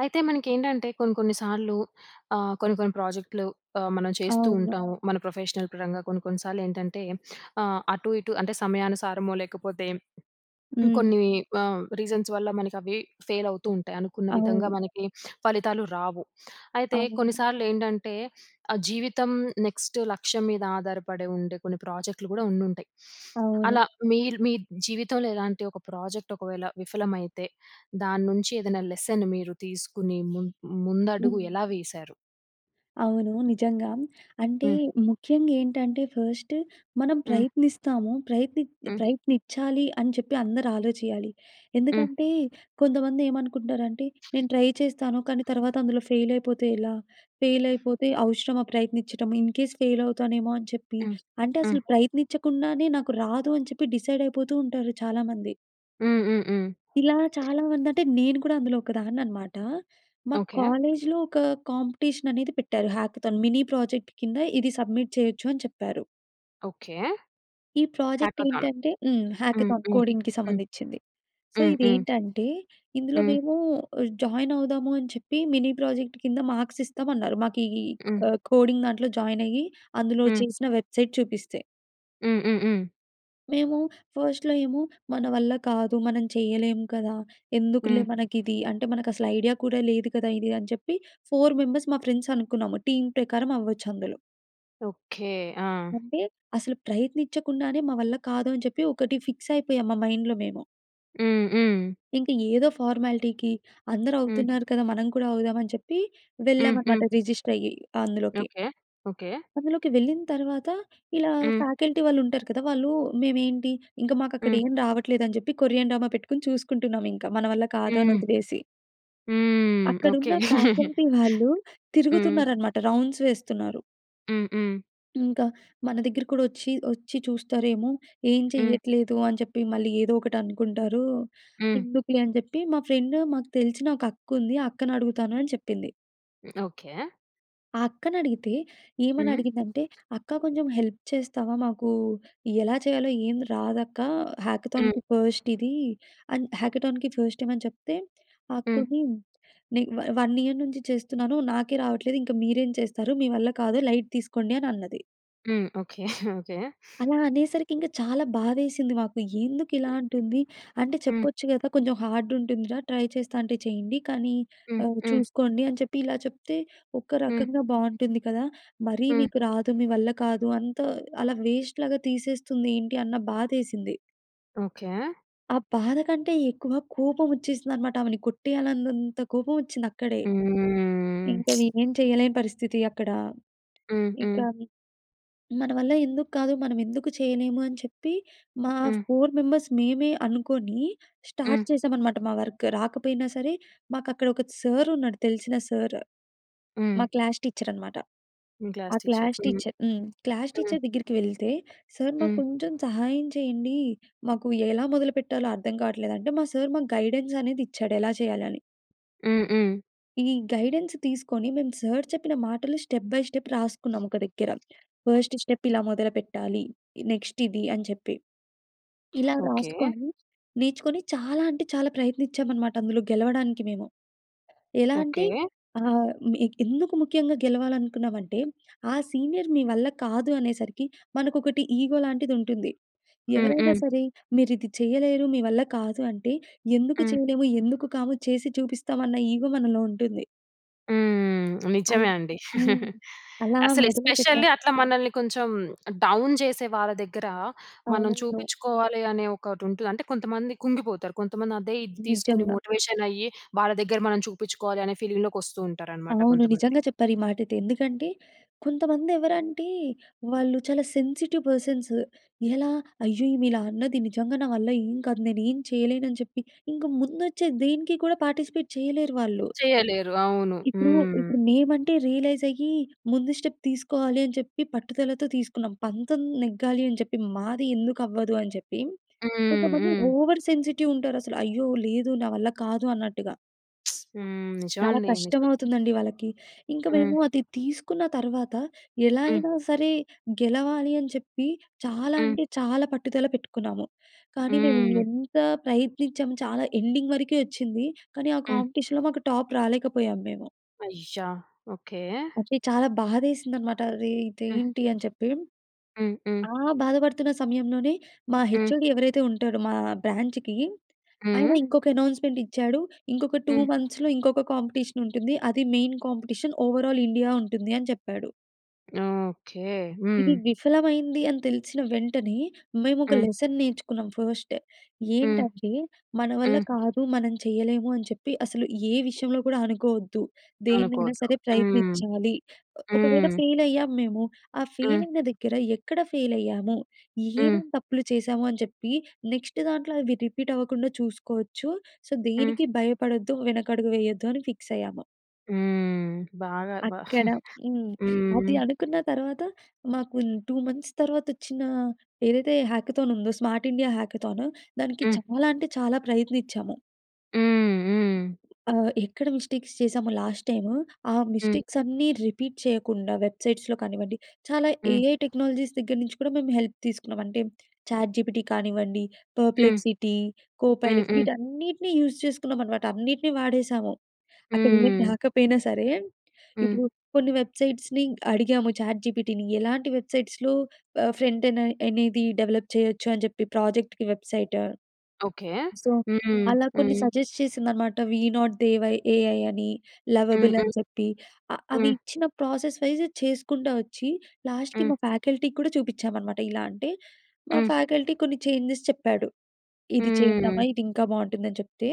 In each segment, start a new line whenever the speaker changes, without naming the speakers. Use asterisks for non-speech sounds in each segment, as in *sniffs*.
అయితే, మనకేంటంటే కొన్ని కొన్ని సార్లు ఆహ్, కొన్ని కొన్ని ప్రోజెక్ట్లు ఆహ్, మనం చేస్తూ
అవును.
ఉంటాము. మన ప్రొఫెషనల్ పరంగా కొన్ని కొన్ని సార్లేంటంటే *sniffs* ఆహ్, అటు ఇటు అంటే సమయానుసారమో లేకపోతే హ్మ్,
హ్మ్.
కొన్ని ఆహ్, రీజన్స్ వల్ల మనకవి ఫెయిల్ అవుతూ ఉంటాయి. అనుకున్న విధంగా
అవును.
మనకి *sniffs* ఫలితాలు రావు. *sniffs* అయితే,
అవును.
కొన్నిసార్లేంటంటే ఆహ్, జీవితం నెక్స్ట్ లక్ష్యం మీద ఆధారపడె ఉండే కొన్ని ప్రాజెక్ట్లు కూడా ఉండుంటాయి. *sniffs*
అవును.
అలా మీరు, మీ జీవితంలో ఇలాంటి ఒక ప్రాజెక్ట్ ఒకవేళ విఫలమైతే దాన్నుంచి ఏదైనా లెసన్ మీరు తీసుకుని ముం ముందడుగు
హ్మ్.
ఎలా వేశారు?
అవునూ. నిజంగా. అంటే
హ్మ్.
ముఖ్యంగ ఏంటంటే, ఫస్ట్ మనం
హ్మ్.
ప్రయత్నిస్తాము. ప్రయత్నిత్
హ్మ్.
ప్రయత్నించాలి అని చెప్పి అందరూ ఆలోచించాలి.
హ్మ్.
ఎందుకంటే కొంతమంది ఏమనుకుంటరంటే, "నేను ట్రై చేస్తాను. కానీ తర్వాత అందులో ఫెయిల్ అయిపోతే ఎలా? ఫెయిలయిపోతే అవసరమా ప్రయత్నిచ్చడం? ఇన్ కేస్ ఫెయిల్ అవుతానేమో" అని చెప్పి,
హ్మ్.
అంటే
హ్మ్.
అసలు ప్రయత్నిచ్చకుండానే నాకు రాదు అని చెప్పి, డిసైడ్ అయిపోతూ ఉంటారు చాలామంది.
హ్మ్, హ్మ్, హ్మ్.
ఇలా చాలా మంది అంటే, నేను కూడా అందులో ఒకదాన్ననమాట. మా
ఓకె.
కాలేజ్‌లో ఒక కాంపిటీషన్ అనేది పెట్టారు. హ్యాకథాన్. మినీ ప్రాజెక్ట్ కింద ఇది సబ్మిట్ చేయొచ్చు అని చెప్పారు.
ఓకె.
ఈ ప్రాజెక్ట్
హ్యాకథాన్.
ఏంటంటే హ్మ్.
హ్మ్.
హ్యాకథాన్.
హ్మ్.
కోడింగ్‌కి
హ్మ్.
సంబంధిచింది. సో,
హ్మ్. హ్మ్.
ఇదేంటంటే, ఇందులో
హ్మ్.
మేము జాయిన్ అవుదాము అని చెప్పి, మిని ప్రాజెక్ట్ కింద మార్క్స్ ఇస్తామన్నారు. మాకు ఇ ఇ క
హ్మ్.
ఆహ్, కోడింగ్ దాంట్లో జాయిన్ అయ్యి అందులో
హ్మ్.
చేసిన వెబ్‌సైట్ చూపిస్తే.
హ్మ్. హ్మ్. హ్మ్.
మేము ఫస్ట్‌లో ఏమో, "మన వల్ల కాదు మనం చేయలేము కదా!
హ్మ్.
ఎందుకులే మనకిది. అంటే, మనకసలు ఐడియా కూడా లేదు కదా! ఇది అని చెప్పి 4 మెంబర్స్ మా ఫ్రెండ్స్ అనుకున్నాము. టీమ్ ప్రకారం అవ్వచ్చందులో.
ఓకె. ఆ!
అంటే, అసలు ప్రయత్నిచకుండానే, "మా వల్ల కాదు" అని చెప్పి ఒకటి ఫిక్స్ అయిపోయాం. మా మైండ్‌లో మేము.
హ్మ్. హ్మ్.
ఇంక ఏదో ఫార్మాలిటీకి "అందరూ
హ్మ్.
అవుతున్నారు కదా! మనం కూడా అవుదాం" అని చెప్పి,
హ్మ్. హ్మ్.
వెళ్ళామన్నమాట రిజిస్టయ్యి అందులోకి.
ఓకె. ఓకె.
అందులోకి వెళ్ళిన తర్వాత ఇలా
హ్మ్.
ఫ్యాకల్టీ వాళ్ళు ఉంటారు కదా! వాళ్ళు మేమేంటి, ఇంక మాకు అక్కడ
హ్మ్.
ఏం రావట్లేదు అని చెప్పి, కొరియన్ డ్రామా పెట్టుకొని చూసుకుంటున్నాం ఇంకా. మన వల్ల కాదు అని
హ్మ్.
వదిలేసి.
హ్మ్.
అక్కడున్న
ఓకె.
ఫ్యాకల్టీ
*chuckles*
వాళ్ళు *chuckles*
హ్మ్.
తిరుగుతున్నారన్నమాట. రౌండ్స్ వేస్తున్నారు.
హ్మ్. హ్మ్.
ఇంకా మన దగ్గర కూడా వచ్చి, వచ్చి చూస్తారేమో ఏం
హ్మ్.
చెయ్యట్లేదు అని చెప్పి మళ్ళీ ఏదో ఒకటి అనుకుంటారు,
హ్మ్.
ఎందుకులే అని చెప్పి మా ఫ్రెండ్ మాకు తెలిసిన ఒక అక్కుంది, ఆ అక్కనడుగుతాను" అని చెప్పింది.
ఓకె.
ఆ అక్కని అడిగితే, ఏమని
హ్మ్.
అడిగిందంటే, "అక్క కొంచెం హెల్ప్ చేస్తావా, మాకు ఎలా చేయాలో ఏం రాదక్క హ్యాకథాన్‌కి
హ్మ్.
ఫస్ట్ ఇది" అని హ్యాకథాన్‌కి ఫస్ట్ టైమ్ అని చెప్తే, ఆ
హ్మ్.
అక్కొని "నే వా 1 ఇయర్ నుంచి చేస్తున్నాను. నాకే రావట్లేదు ఇంక మీరేం చేస్తారు, మీ వల్ల కాదు లైట్ తీసుకోండి." అని అన్నది.
హ్మ్. *chuckles* ఓకె. ఓకె.
అలా అనేసరికి ఇంక చాలా బాధేసింది మాకు. ఎందుకు ఇలా అంటుంది, అంటే
హ్మ్.
చెప్పొచ్చు కద, కొంచెం హార్డ్ ఉంటుందిరా. ట్రై చేస్తాంటే చేయండి కానీ
హ్మ్.
ఆహ్,
హ్మ్.
చూసుకోండి. అని చెప్పి ఇలా చెప్తే, ఒక
హ్మ్.
రకంగా బాగుంటుంది కదా. మరీ
హ్మ్.
మీకు రాదు. మీ వల్ల కాదు. అంతా అలా వేస్ట్‌లాగా తీసేస్తుంది ఏంటి అన్న బాధేసింది.
ఓకె.
ఆ బాధ కంటే ఎక్కువ, కోపం వచ్చేసిందన్నమాట. ఆమెని కొట్టేయాలన్నంత కోపం వచ్చింది అక్కడే.
హ్మ్.
ఇంకా
*smacks lips*
ఏమి చేయలేని పరిస్థితి అక్కడ.
హ్మ్, హ్మ్.
ఇంకా మన వల్ల ఎందుకు కాదు, మనం ఎందుకు చేయలేము, అని చెప్పి మా
హ్మ్.
4 మెంబర్స్ మేమే అనుకోని,
హ్మ్.
స్టార్ట్ చేసాం అనమాట. మా వర్క్ రాకపోయినా సరే, మాకు అక్కడ ఒక సార్ ఉన్నాడు. తెలిసిన సార్,
హ్మ్.
మా క్లాస్ టీచర్ అనమాట.
మీ
ఆ
క్లాస్ టీచర్,
క్లాస్
హ్మ్.
టీచర్ హ్మ్. క్లాస్
హ్మ్.
టీచర్ దగ్గరికి వెళ్తే, "సార్ మాకు
హ్మ్.
కొంచెం సహాయం చేయండి. మాకు ఎలా మొదలుపెట్టాలో అర్థం కావట్లేదు," అంటే మా సార్ మాకు గైడెన్స్ అనేది ఇచ్చాడు, ఎలా చేయాలి అని.
హ్మ్. హ్మ్.
ఈ గైడెన్స్ తీసుకొని మేము సర్ చెప్పిన మాటలు స్టెప్ బై స్టెప్ రాసుకున్నాం ఒక దగ్గర. ఫస్ట్ స్టెప్ ఇలా మొదలుపెట్టాలి, నెక్స్ట్ ఇది అని చెప్పి. ఇలా
ఓకే.
రాసుకొని, నేర్చుకొని, చాలా అంటే చాలా ప్రయత్నించామనమాట అందులో గెలవడానికి మేము. ఎలా అంటే
ఓకే.
ఆహ్, మే ఎందుకు ముఖ్యంగా గెలవాలనుకున్నామంటే ఆ సీనియర్ మీ వల్ల కాదు అనేసరికి మనకొకటి ఈగో లాంటిది ఉంటుంది.
హ్మ్,
ఎవరైనా
హ్మ్.
సరే మీరు ఇది చేయలేరు, మీ వల్ల కాదు అంటే, ఎందుకు
హ్మ్.
చేయలేము, ఎందుకు కాము చేసి చూపిస్తాం అన్న ఈగో మనలో ఉంటుంది.
హ్మ్. నిజమే
అలా.
అండి.
హ్మ్.
*giggles*
అలా
అసలు
మొదలు పెట్టాలి.
ఎస్పెషల్లీ అట్లా మనల్ని కొంచెం డౌన్ చేసే వాళ్ళ దగ్గర మనం
అవునవును.
చూపించుకోవాలి అనే ఒకటి ఉంటది. అంటే కొంతమంది కుంగిపోతారు. కొంతమంది అదే ఇది తీసుకొని
నిజంగా.
మోటివేషన్ అయ్యి వాళ్ళ దగ్గర మనం చూపించుకోవాలి అనే ఫీలింగ్ లోకి వస్తూ ఉంటారు అన్నమాట
అవును
కొంతమంది.
నిజంగా చెప్పారు ఈ మాటైతే. ఎందుకంటే కొంతమంది ఎవరు అంటే వాళ్ళు చాలా సెన్సిటివ్ పర్సన్సు ఎలా? అయ్యో! ఈమె ఇలా అన్నది నిజంగా నా వల్ల ఏం కాదు. నేనేం చేయలేను అని చెప్పి ఇంక ముందు వచ్చే దేనికి కూడా పార్టిసిపేట్ చేయలేరు వాళ్ళు.
చేయలేరు. అవును.
ఇప్పుడు
హ్మ్.
ఇప్పుడు మేమంటే రియలైజ్ అయ్యి ముందు స్టెప్ తీసుకోవాలి అని చెప్పి పట్టుదలతో తీసుకున్నాం. పంతం నెగ్గాలి అని చెప్పి. మాది ఎందుకు అవ్వదు అని చెప్పి.
హ్మ్.
కొంతమంది
హ్మ్.
ఓవర్ సెన్సిటివ్ ఉంటారు అసలు అయ్యో లేదు, నా వల్ల కాదు అన్నట్టుగా!
*smacks lips* హ్మ్.
చాలా
నిజమండి నిజం.
కష్టమవుతుందండి వాళ్ళకి. ఇంకా
హ్మ్.
మేము అది తీసుకున్న తర్వాత ఎలా
హ్మ్.
అయినా సరే గెలవాలి అని చెప్పి చాలా
హ్మ్.
అంటే చాలా పట్టుదల పెట్టుకున్నాము. కానీ మేము
హ్మ్.
ఎంత ప్రయత్నించాము చాలా ఎండింగ్ వరకే వచ్చింది. కానీ ఆ
హ్మ్.
కాంపిటీషన్‌లో మాకు టాప్ రాలేకపోయాము మేము.
అయ్యా! ఓకే.
అది చాలా బాధేసింది అన్నమాట. అరె!
హ్మ్.
ఇదేంటి అని చెప్పి.
హ్మ్. హ్మ్.
ఆ బాధపడుతున్న సమయంలోనే మా
హ్మ్.
హెచ్ఓడి ఎవరైతే ఉంటాడో మా బ్రాంచ్‌కి ఆయన
హ్మ్.
ఇంకొక అనౌన్స్మెంట్ ఇచ్చాడు. ఇంకొక 2
హ్మ్.
మంత్స్‌లో ఇంకొక కాంపిటీషన్ ఉంటుంది. అది మెయిన్ కాంపిటీషన్. ఓవరాల్ ఇండియా ఉంటుంది అని చెప్పాడు.
ఓకే!
ఇది
హ్మ్.
విఫలమైంది అని తెలిసిన వెంటనే మేము ఒక
హ్మ్.
లెసన్ నేర్చుకున్నాం ఫస్ట్.
హ్మ్,
ఏంటంటే మన వల్ల
హ్మ్.
కాదు మనం చేయలేము అని చెప్పి అసలు ఏ విషయంలో కూడా అనుకోవద్దు. దేన్నైనా
అనుకోవద్దు.
సరే
హ్మ్,
ప్రయత్నించాలి. ఒ ఒకవేళ
హ్మ్.
ఫెయిల్ అయ్యాము మేము. ఆ
హ్మ్.
ఫెయిల్ అయిన దగ్గర ఎక్కడ ఫెయిల్ అయ్యాము?
హ్మ్.
ఏమేం తప్పులు చేశాము అని చెప్పి నెక్స్ట్ దాంట్లో అవి రిపీట్ అవ్వకుండా చూసుకోవచ్చు. సో
హ్మ్.
దేనికి భయపడొద్దు వెనకడుగు వేయొద్దు అని ఫిక్స్ అయ్యాము.
హ్మ్. బాగా, బా
అక్కడ
*chuckles*
హ్మ్.
హ్మ్.
అది అనుకున్న తర్వాత మాకు 2 మంత్స్ తర్వాత వచ్చిన, ఏదైతే హ్యాకథాన్ ఉందో, స్మార్ట్ ఇండియా హ్యాకథాన్ దానికి
హ్మ్.
చాలా అంటే, చాలా ప్రయత్నిచాము.
హ్మ్. హ్మ్.
ఆహ్, ఎక్కడ మిస్టేక్స్ చేశామో లాస్ట్ టైమ్, ఆ
హ్మ్.
మిస్టేక్స్ అన్నీ రిపీట్ చేయకుండా వెబ్‌సైట్స్‌లో కానివ్వండి, చాలా
హ్మ్.
ఏఐ టెక్నాలజీస్ దగ్గర నుంచి కూడా, మేము హెల్ప్ తీసుకున్నాం. అంటే, చాట్‌జీపీటీ కానివ్వండి,
హ్మ్.
పర్‌ప్లెక్సిటీ, కో
హ్మ్.
పైలట్స్
హ్మ్.
వీటన్నిటిని యూజ్ చేసుకున్నాం అనమాట, అన్నిటిని వాడేశాము. అక్కడ ఏం *chuckles*
హ్మ్.
రాకపోయినా సరే!
హ్మ్.
ఇప్పుడు కొన్ని వెబ్‌సైట్స్‌‌ని అడిగాము. చాట్‌జీపీటీని ఎలాంటి వెబ్‌సైట్స్‌లో ఆహ్, ఫ్రంటేన్ అని అనేది డెవలప్ చేయొచ్చు, అని చెప్పి ప్రాజెక్ట్‌కి వెబ్సైట్.
ఓకె.
సో,
హ్మ్.
అలా కొన్ని
హ్మ్.
సజెస్ట్ చేసిందనమాట. We not they why AI అని,
హ్మ్.
లవబుల్
హ్మ్.
అని చెప్పి, ఆహ్, అవి
హ్మ్.
ఇచ్చిన ప్రాసెస్ వైజ్ చేసుకుంటా వచ్చి, లాస్ట్‌కి
హ్మ్.
మా ఫ్యాకల్టీకి కూడా చూపించామనమాట. ఇలా అంటే, మా
హ్మ్.
ఫ్యాకల్టీ కొన్ని చేంజెస్ చెప్పాడు. ఇది చేద్దమా,
హ్మ్.
ఇది ఇంకా బాగుంటుందని చెప్తే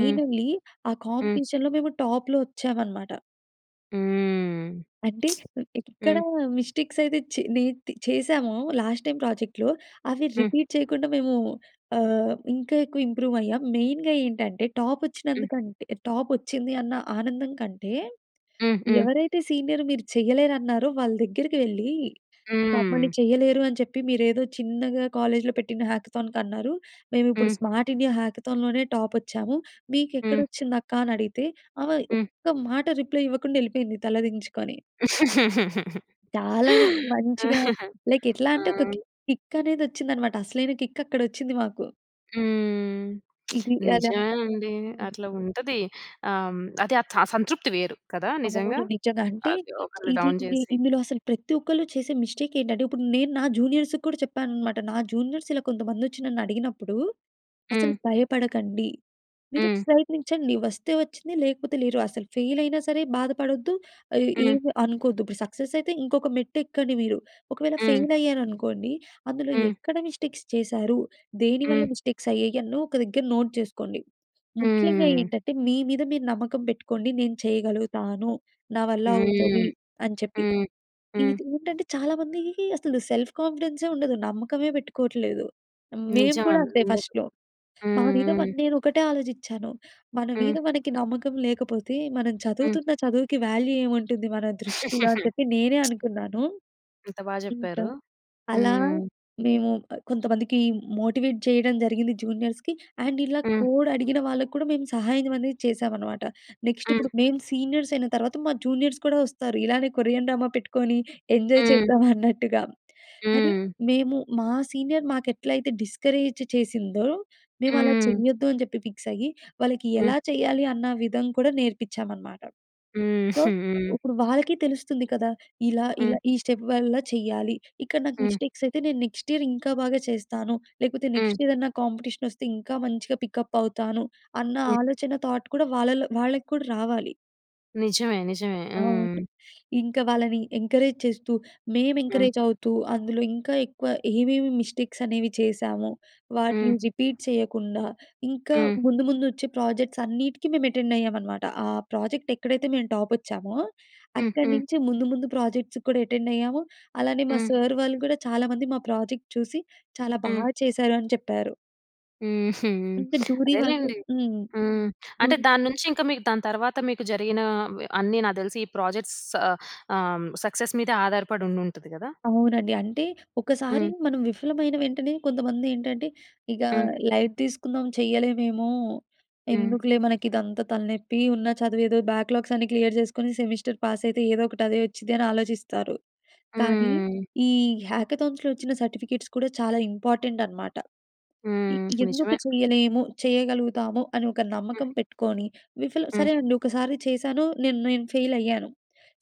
హ్మ్.
ఆ
హ్మ్.
కాంపిటీషన్‌లో మేము టాప్‌లో వచ్చామనమాట.
హ్మ్. *smacks lips*
అంటే, ఎక్కడ
హ్మ్.
మిస్టేక్స్ అయితే, చె నె చేశామో, లాస్ట్ టైమ్ ప్రాజెక్ట్‌లో, అవి
హ్మ్.
రిపీట్ చేయకుండా, మేమూ ఆహ్, ఇంకా ఎక్కువ ఇంప్రూవ్ అయ్యాం. మెయిన్‌గా ఏంటంటే, టాప్
హ్మ్.
వచ్చినందుకంటె టాప్ వచ్చింది, అన్న ఆనందం కంటే,
హ్మ్. హ్మ్.
ఎవరైతే సీనియర్, "మీరు చేయలేరన్నారో," వాళ్ళ దగ్గరకెళ్ళి,
హ్మ్.
మమ్మల్ని, "చేయలేరు అని చెప్పి, మీరేదో చిన్నగా కాలేజ్‌లో పెట్టిన హ్యాకథాన్‌‌కన్నారు, మేమిప్పుడు
హ్మ్.
స్మార్ట్ ఇండియా హ్యాకథాన్‌ లోనే టాపోచ్చాము.
హ్మ్.
మీకెక్కడొచ్చింది అక్కా?" అని అడిగితే, ఆమె,
హ్మ్.
ఒక్క మాట రిప్లయ్ ఇవ్వకుండెళ్లిపోయింది తలదించుకొని.
*laughs*
చాలా మంచిగా లైక్ ఎట్లా
ఆ!
అంటే, ఒక కిక్ అనేది వచ్చిందనమాట. అసలైన కిక్ అక్కడొచ్చింది మాకు.
హ్మ్. *smacks lips*
ఇది. అలా
నిజమే అండీ.
హ్మ్.
అట్ల ఉంటది. ఆహ్, అది ఆహ్, థ సంతృప్తి వేరు, కదా నిజంగా!
అవును నిజంగా. అంటే,
అది ఒకళ్ళు
ఇది,
డౌన్
ఇది
చేసి.
ఇందులో, అసలు ప్రతి ఒక్కళ్ళూ చేసే మిస్టేక్ ఏంటంటే, ఇప్పుడు నేను నా జూనియర్స్‌కి కూడా చెప్పాననమాట. నా జూనియర్స్, ఇలా కొంతమందొచ్చి నన్నడిగినప్పుడు, "అసలు
హ్మ్.
భయపడకండి. మీరు
హ్మ్.
ప్రయత్నించండి. వస్తే వచ్చింది లేకపోతే లేరు. అసలు ఫెయిల్ అయినా సరే బాధపడొద్దు. ఆహ్,
హ్మ్.
ఏమీ అనుకోద్దు. ఇప్పుడు సక్సెస్ అయితే, ఇంకొక మెట్టు ఎక్కండి మీరు. ఒకవేళ,
హ్మ్.
ఫెయిల్ అయ్యారనుకోండి! అందులో,
హ్మ్.
ఎక్కడ మిస్టేక్స్ చేశారు? దేని వల్ల,
హ్మ్.
మిస్టేక్స్ అయ్యాయి! అని ఒక దగ్గర నోట్ చేసుకోండి. ముఖ్యంగా
హ్మ్.
ఏంటంటే, మీ మీద మీరు నమ్మకం పెట్టుకోండి, నేను చేయగలుగుతాను, నా వల్ల
హ్మ్.
అవుతది, అని చెప్పి.
హ్మ్. హ్మ్.
"ఇదేంటంటే, చాలామందికి అసలు సెల్ఫ్ కాన్ఫిడెన్సే ఉండదు. నమ్మకమే పెట్టుకోట్లేదు. మేము
నిజం
కూడా
అండి,
అంతే,
ఉండదు.
ఫస్ట్‌లో మా
హ్మ్.
మీద
హ్మ్.
నేనొకటే ఆలోచిచ్చాను. మన
హ్మ్.
మీద మనకి నమ్మకం లేకపోతే, మనం
హ్మ్.
చదువుతున్న చదువుకి, వాల్యూ ఏముంటుంది మన దృష్టిలో? అని
*laughs*
చెప్పి, నేనే
*smacks lips*
అనుకున్నాను.
ఎంత బా
ఇంక
చెప్పారు.
అలా,
హ్మ్.
మేము అ కొంతమందికి, మోటివేట్ చేయడం జరిగింది జూనియర్స్‌కి. అండ్, ఇలా
హ్మ్.
కోడ్ అడిగిన వాళ్ళకి కూడా, మేము సహాయం అనేది చేశాం అనమాట. నెక్స్టు
హ్మ్.
ఇప్పుడు, మేము సీనియర్స్ అయిన తర్వాత, మా జూనియర్స్ కూడా వస్తారు. ఇలానే, కొరియన్ డ్రామా పెట్టుకోని, ఎంజాయ్
హ్మ్.
చేద్దాం అన్నట్టుగా. కాని
హ్మ్.
మేము, మా సీనియర్ మాకెట్లైతే, డిస్కరేజ్ చేసిందో, మేవలా
హ్మ్.
చేయ్యొద్దు, అని చెప్పి ఫిక్స్ అయి, వాళ్ళకి
హ్మ్.
ఎలా చేయ్యాలి? అన్న విధం కూడా, నేర్పిచ్చామనమాట.
హ్మ్,
సో,
హ్మ్.
ఉప్పుడు వాళ్ళకీ తెలుస్తుంది కదా! ఇలా,
హ్మ్.
ఇలా ఈ స్టెప్ వల్ల చెయ్యాలి. ఇక్కడ నాకు
హ్మ్.
మిస్టేక్స్ అయితే, నేను నెక్స్ట్ ఇయర్ ఇంకా బాగా చేస్తాను. లేకపోతే,
హ్మ్.
నెక్స్ట్ ఇయరన్నా కాంపిటీషనొస్తే, ఇంకా మంచిగ పికప్ అవుతాను. అన్న
హ్మ్.
ఆలోచన, థాట్ కూడా వాళ్ళల్లో -వాళ్ళకి కూడా రావాలి.
నిజమే, నిజమే.
అవును.
హ్మ్.
ఇంక వాళ్ళని ఎంకరేజ్ చేస్తూ, మేము
హ్మ్.
ఎంకరేజ్ అవుతూ, అందులో ఇంకా ఎక్కువ, ఏవేమి మిస్టేక్స్ అనేవి చేశామో, వాటిని
హ్మ్.
రిపీట్ చేయకుండా, ఇంకా
హ్మ్.
ముందు ముందొచ్చే, ప్రాజెక్ట్స్ అన్నీటికి మేము ఎటెండ్ అయ్యామనమాట. ఆ ప్రాజెక్ట్ ఎక్కడైతే మేము టాపోచ్చామో,
హ్మ్,
అక్కడి
హ్మ్.
నుంచి ముందు, ముందు ప్రాజెక్ట్స‌కి కూడా ఎటెండ్ అయ్యాము. అలానే మా
హ్మ్.
సార్ వాళ్ళు కూడా, చాలామంది మా ప్రాజెక్ట్ చూసి, "చాలా బా
హ్మ్.
చేశారు" అని చెప్పారు.
హుహు.
అంటే
*sniffs*
దూరి వాళ్లతో
అదేలెండి.
హ్మ్.
హ్మ్.
దు
అంటే, దాని నుంచి ఇంకా మీకు దాని తర్వాత, మీకు జరిగినా ఆహ్, అన్ని నాకు తెలిసి ఈ ప్రాజెక్ట్స్ ఆహ్, సక్సెస్ మీద ఆధారపడి ఉండుంటది కదా?
అవునండి. అంటే, ఒకసారి
హ్మ్.
మనం విఫలమైన వెంటనే కొంతమంది ఏంటంటే, ఇగా
హ్మ్.
లైట్ తీసుకుందాం చేయలేమేమో,
హ్మ్.
ఎందుకులే మనకిదంతా తలనెప్పి ఉన్న చదువు ఏదో బ్యాక్‌లాగ్స్ అన్నీ క్లియర్ చేసుకొని సెమిస్టర్ పాస్ అయితే ఏదో ఒకటి అదే వచ్చిద్దని ఆలోచిస్తారు. కానీ,
హ్మ్.
ఈ హ్యాకథాన్స్‌లో వచ్చిన సర్టిఫికెట్స్ కూడా చాలా ఇంపార్టెంట్ అనమాట. ఇ
హ్మ్.
ఎందుకు
నిజమే.
చేయలేము చేయగలుగుతాము, అని ఒక
హ్మ్.
నమ్మకం పెట్టుకొని విఫలం
హ్మ్.
సరేనండి ఒకసారి చేశాను నేను నేను ఫెయిలయ్యాను.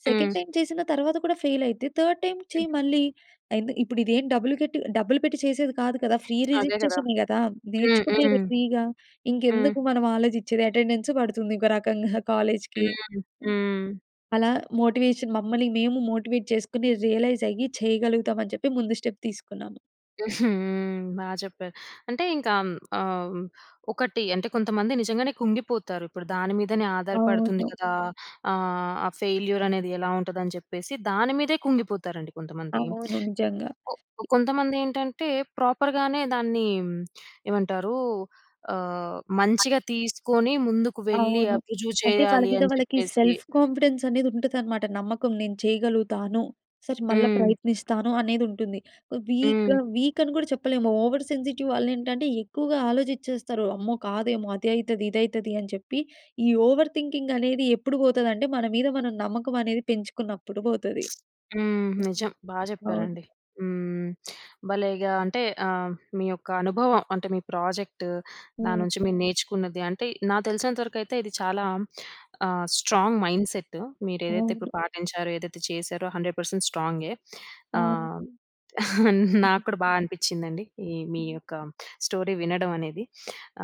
సెకండ్
హ్మ్.
టైమ్ చేసిన తర్వాత కూడా, ఫెయిలైతే థర్డ్ టైమ్.
హ్మ్.
చేయి మళ్ళీ. ఎందు ఇప్పుడు ఇదేం డబ్బులు కట్టి డబ్బులు పెట్టి చేసేది కాదు కదా! ఫ్రీ
అదే కదా!
రిజిస్ట్రేషనే కదా!
హ్మ్,
నేర్చుకునేది
హ్మ్.
ఫ్రీగా
హ్మ్.
ఇంకెందుకు మనం ఆలోచించేది, అటెండెన్సూ పడుతుంది ఇంకో రకంగా కాలేజ్‌కి.
హ్మ్.
హ్మ్.
హ్మ్.
అలా మోటివేషన్ మమ్మల్ని మేము మోటివేట్ చేసుకొని, రియలైజయ్యి, చేయగలుగుతామని చెప్పి ముందు స్టెప్ తీసుకున్నాము.
*chuckles* హ్మ్. బా చెప్పారు. అంటే ఇంకా ఆహ్, ఒకటి అంటే, కొంతమంది నిజంగానే కుంగిపోతారు. ఇప్పుడు దాని మీదనే ఆధారపడుతుంది
అవును.
కదా! ఆహ్, ఆ ఫెయిల్యూర్ అనేది ఎలా ఉంటది అని చెప్పేసి, దాని మీదే కుంగిపోతారండి కొంతమంది.
అవును. నిజంగా.
కొ కొంతమంది ఏంటంటే ప్రోపర్‌ గానే దాన్ని ఏమంటారు? ఆహ్, మంచిగా తీసుకొని ముందుకు వెళ్లి
అవును.
అప్ రుజువు
అంటే, వాళ్ళ
చేయాలి
మీద
అని
వాళ్ళకి
చెప్పేసి
సెల్ఫ్ కాన్ఫిడెన్స్ అనేది ఉంటదన్నమాట. నమ్మకం నేను చేయగలుగుతాను. సరే, మళ్ళా
హ్మ్.
ప్రయత్నిస్తాను. అనేది ఉంటుంది. వీక్‌గా
హ్మ్.
వీక్ అని కూడా చెప్పలేము. ఓవర్ సెన్సిటివ్ వాళ్ళు ఏంటంటే, ఎక్కువగా ఆలోచించేస్తారు. అమ్మో! కాదేమో అదైతది, ఇదైతది అని చెప్పి. ఈ ఓవర్ థింకింగ్ అనేది ఎప్పుడు పోతదంటే మన మీద మనం నమ్మకం అనేది పెంచుకున్నప్పుడు పోతది.
*smacks lips* హ్మ్.
హ్మ్.
నిజం. బా
అవును.
చెప్పారండి. హ్మ్. భలేగా అంటే ఆహ్, మీ యొక్క అనుభవం. అంటే మీ ప్రాజెక్టు దాని
హ్మ్.
నుంచి మీరు నేర్చుకున్నది, అంటే నాకు తెలిసినంత వరకు అయితే ఇది చాలా ఆహ్, స్ట్రాంగ్ మైండ్సెట్ మీరేదైతే ఇప్పుడు
అవును.
పాటించారో, ఏదైతే చేశారో 100% స్ట్రాంగే. ఆహ్,
అవును.
*chuckles*
హుహు.
నాకు కూడా బాగా అనిపించిందండి. ఈ మీ
హ్మ్.
యొక్క స్టోరీ వినడం అనేది.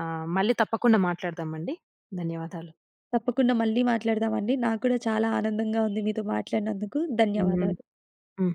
ఆహ్, మళ్ళీ తప్పకుండా మాట్లాడదామండి. ధన్యవాదాలు.
తప్పకుండా మళ్ళీ మాట్లాడదామండి. నాకు కూడా చాలా ఆనందంగా ఉంది. మీతో మాట్లాడినందుకు
హ్మ్.
ధన్యవాదాలు.
హ్మ్.